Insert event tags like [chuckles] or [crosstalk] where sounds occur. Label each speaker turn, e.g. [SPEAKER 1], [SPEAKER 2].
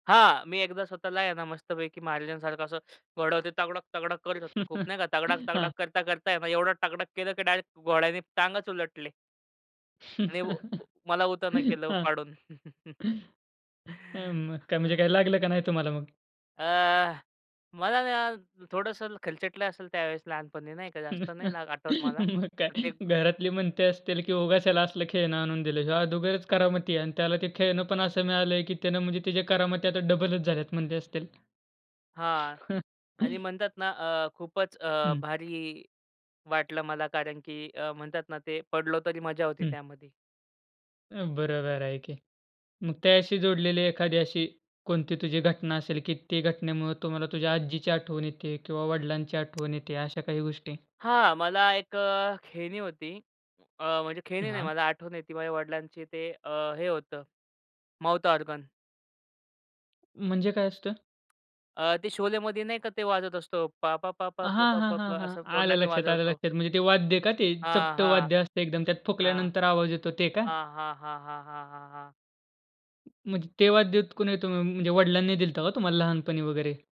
[SPEAKER 1] हां, मी एकदा स्वतःला आहे ना मस्तपैकी महाराजांसारखं असं घोडं ते, तगडक-तगडक करत होतो. खूप
[SPEAKER 2] [laughs]
[SPEAKER 1] नाही का,
[SPEAKER 2] हां.
[SPEAKER 1] तगडक-तगडक करता-करता आहे ना एवढं टगडक केलं, की डायरेक्ट घोड्याने टांगच उलटले. आणि व व
[SPEAKER 2] [laughs]
[SPEAKER 1] मला उतावनं केलं
[SPEAKER 2] हां.
[SPEAKER 1] पाडून. [laughs]
[SPEAKER 2] अ, म्हणजे
[SPEAKER 1] हां.
[SPEAKER 2] काय लागलं का नाही तुम्हाला मग?
[SPEAKER 1] अ, मला ना थोडंसं खरचटलं असेल त्यावेळेस लहानपणी नाही का, जास्त नाही
[SPEAKER 2] [laughs]
[SPEAKER 1] ना आठवत मला.
[SPEAKER 2] मग
[SPEAKER 1] तर ते
[SPEAKER 2] काय घरातली म्हणते असतील, की उगाच याला असलं खेळणं आणून दिलंय, हयो अदुगरच करामती आणि त्याला ते खेळणं पण असं मिळाल आहे, की त्याने म्हणजे त्याचे करामती आता डबलच झाल्यात म्हणले असतील.
[SPEAKER 1] हां आणि
[SPEAKER 2] [chuckles]
[SPEAKER 1] म्हणतात ना अ, खूपच अ,
[SPEAKER 2] हं.
[SPEAKER 1] भारी वाटलं मला कारण की अ, म्हणतात ना ते पडलो तरी मजा होती
[SPEAKER 2] हं.
[SPEAKER 1] त्यामध्ये.
[SPEAKER 2] अ, बरोबर आहे, की मग त्याशी जोडलेली एखादी अशी कोणती तुझी घटना असेल, की ती घटनेमुळं तुम्हाला तुझ्या आजीची आठवण येते किंवा वडिलांची आठवण येते अशा काही गोष्टी?
[SPEAKER 1] हां, मला एक अ, खेळणी होती. अ, म्हणजे खेळणी नाही
[SPEAKER 2] हां.
[SPEAKER 1] मला आठवण येती माझ्या वडिलांची, ते अ, हे होतं माउथ ऑर्गन.
[SPEAKER 2] म्हणजे काय असतं?
[SPEAKER 1] अ, ते शोलेमध्ये नाही का ते वाजत असतो पा-पा, पा-पा,
[SPEAKER 2] हां,
[SPEAKER 1] प-पा,
[SPEAKER 2] हां, हां,
[SPEAKER 1] प-पा
[SPEAKER 2] हां
[SPEAKER 1] असं
[SPEAKER 2] आलं
[SPEAKER 1] तोंडाने
[SPEAKER 2] लक्षात, आलं
[SPEAKER 1] वाजवतो.
[SPEAKER 2] लक्षात. म्हणजे ते वाद्य का ते,
[SPEAKER 1] हां,
[SPEAKER 2] चपट
[SPEAKER 1] हां.
[SPEAKER 2] वाद्य असतं, एकदम त्यात
[SPEAKER 1] हां.
[SPEAKER 2] फुकल्यानंतर आवाज येतो ते का?
[SPEAKER 1] हां, हां, हां, हां, हां, हां, हां.
[SPEAKER 2] म्हणजे तेव्हाच देत कुणी होत मग? म्हणजे वडिलांनी दिलता का तुम्हाला लहानपणी वगैरे?